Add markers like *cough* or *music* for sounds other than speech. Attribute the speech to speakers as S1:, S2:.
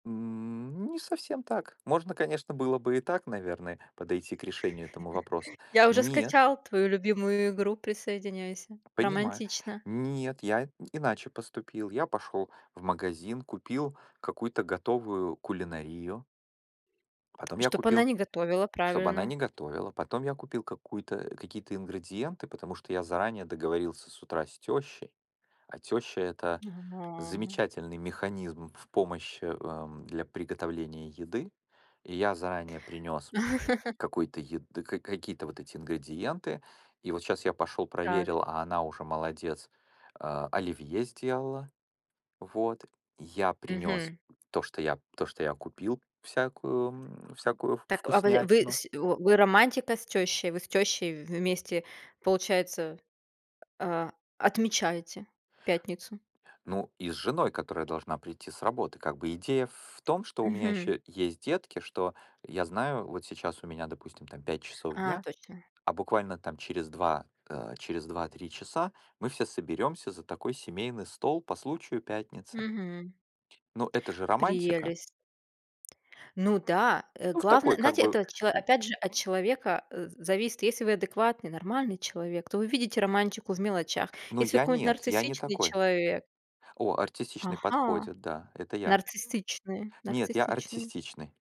S1: М, не совсем так. Можно, конечно, было бы и так, наверное, подойти к решению этому вопроса.
S2: *chuckles* Я уже
S1: Нет.
S2: скачал твою любимую игру, присоединяйся.
S1: Понимаю.
S2: Романтично.
S1: Нет, я иначе поступил. Я пошел в магазин, купил какую-то готовую кулинарию потом я
S2: Чтоб она
S1: купил
S2: не готовила,
S1: чтобы она
S2: правильно.
S1: не готовила. Потом я купил какую-то, какие-то ингредиенты, потому что я заранее договорился с утра с тещей, а теща- это
S2: Ага.
S1: замечательный механизм в помощи, эм, для приготовления еды. И я заранее принес
S2: *chuckles*
S1: какую-то ед ка ка какие-то вот эти ингредиенты. И вот щас я пошел
S2: Так.
S1: проверил, а она уже молодец, а, оливье сделала, вот. Я принес
S2: Мгм.
S1: то что я, то что я купил, всякую, м, всякую ф
S2: Так, а, вы вы
S1: вкуснятину.
S2: с у о вы романтика с тещей, вы с тещей вместе получается, а, а отмечаете пятницу?
S1: Ну и с женой, которая должна прийти с работы. Как бы идея в том, что у меня
S2: Мгм.
S1: еще есть детки, что я знаю, вот сейчас у меня, допустим, там, 5 часов
S2: А,
S1: дня,
S2: точно.
S1: а буквально там через 2, э, через 2-3 часа мы все соберемся за такой семейный стол по случаю пятницы.
S2: Мгм.
S1: Но это же романтика!
S2: Прелесть. Ну да! Э,
S1: Ну в
S2: главное,
S1: такой, как
S2: знаете,
S1: бы,
S2: это от чело
S1: э.
S2: опять же от человека, э, з зависит, если вы адекватный, нормальный человек, то вы видите романтику в мелочах.
S1: Ну
S2: Если вы
S1: я
S2: какой-нибудь
S1: нет, я не
S2: нарциссичный
S1: такой.
S2: человек.
S1: О, артистичный
S2: Ага,
S1: подходит, да, это я.
S2: нарциссичный,
S1: Нет, я
S2: нарциссичный.
S1: артистичный.